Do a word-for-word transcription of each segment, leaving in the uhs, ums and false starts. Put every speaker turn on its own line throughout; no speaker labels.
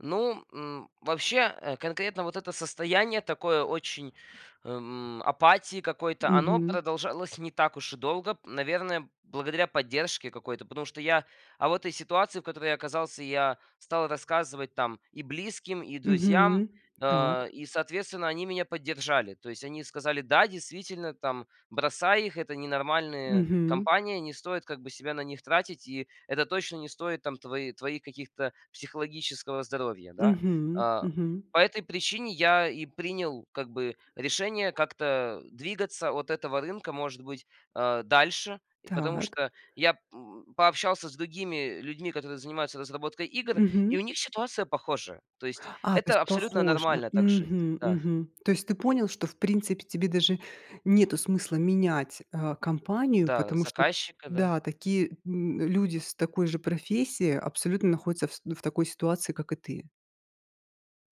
Ну, м, вообще, э, конкретно вот это состояние такое очень, эм, апатии какой-то, оно
Мгм.
продолжалось не так уж и долго, м, наверное, благодаря поддержке какой-то. Потому что я об этой ситуации, в которой я оказался, я стал рассказывать там и близким, и друзьям,
Мгм, так.
э, и, соответственно, они меня поддержали. То есть они сказали: "Да, действительно, там, бросай их. Это ненормальные
Мгм.
компания. Не стоит, как бы, себя на них тратить. И это точно не стоит там твои твоих каких-то психологического здоровья". Да.
Мгм,
А,
мгм.
по этой причине я и принял, как бы, решение как-то, э, двигаться от этого рынка, может быть, э, дальше. И потому
Так.
что я, м, пообщался с другими людьми, которые занимаются разработкой игр,
Мгм.
и у них ситуация похожая. То есть
А, то
это
есть
абсолютно
похоже.
нормально так жить.
Мгм,
Да.
мгм. То есть ты понял, что, в принципе, тебе даже нету смысла менять, э, компанию,
Да,
потому что,
заказчика, да.
да, такие, м, люди с такой же профессией абсолютно находятся, фс ну, в такой ситуации, как и ты.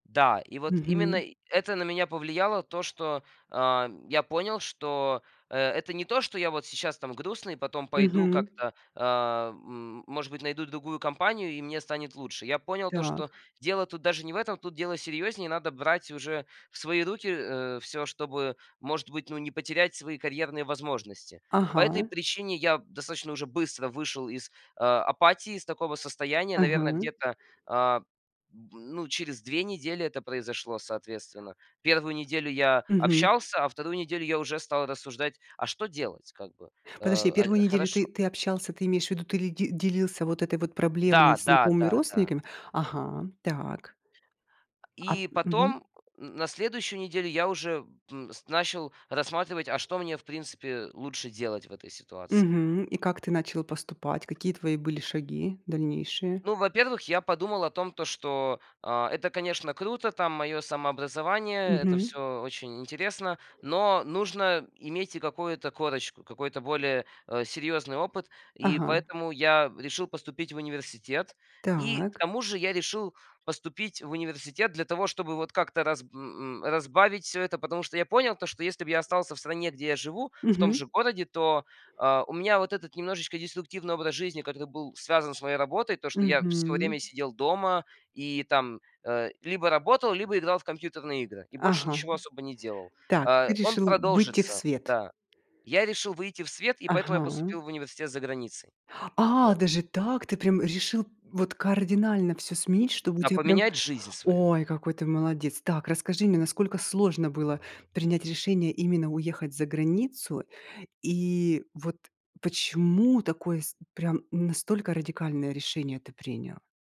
Да, и вот именно
Мгм.
и это на меня повлияло то, что, а, я понял, что, э, это не то, что я вот сейчас там грустный, потом пойду
Мгм.
как-то, э, м может быть, найду другую компанию, и мне станет лучше. Я понял то, что
Так.
дело тут даже не в этом. Тут дело серьёзнее. Надо брать уже в свои руки, э, всё, чтобы, может быть, ну, не потерять свои карьерные возможности. По этой
Ага.
причине я достаточно уже быстро вышел из, э, апатии, из такого состояния. Наверное,
Ага.
где-то, а, б ну, через две недели это произошло, соответственно. первую неделю я
Мгм.
общался, а вторую неделю я уже стал рассуждать, а что делать, как бы, э,
Подожди,
а, и
первую неделю
хорошо.
ты ты общался, ты имеешь в виду, ты ли ди делился вот этой вот проблемой
Да,
с
да,
знакомыми,
да, да.
родственниками? Ага, так. А
И
мгм.
потом н на следующую неделю я уже, м, с начал рассматривать, а что мне, в принципе, лучше делать в этой ситуации.
Мгм. И как ты начал поступать? Какие твои были шаги дальнейшие?
Ну, во-первых, я подумал о том, то что, а, это, конечно, круто, там, моё самообразование, это
Мгм.
всё очень интересно, но нужно иметь и какую-то корочку, какой-то более, э, серьёзный опыт. И
Ага.
поэтому я решил поступить в университет. И к
Так.
тому же я решил поступить в университет для того, чтобы вот как-то раз м, м, разбавить всё это. Потому что я понял то, что если бы я остался в стране, где я живу, в том
Мгм.
же городе, то, а, у меня вот этот немножечко деструктивный образ жизни, который был связан с моей работой. То что я всё
Мгм.
время сидел дома и там, э, либо работал, либо играл в компьютерные игры и больше
Ага.
ничего особо не делал,-
Так, ты
э, он
решил выйти в
продолжится,
свет.
да. Я решил выйти в свет, и поэтому
Ага.
я поступил в университет за границей.
А,
Вот.
даже так? Ты прям решил вот кардинально всё сменить, чтобы у
На
тебя прям
поменять жизнь свою.
Ой, какой ты молодец. Так, расскажи мне, насколько сложно было принять решение, именно уехать за границу? И вот почему такое с прям настолько радикальное решение ты принял?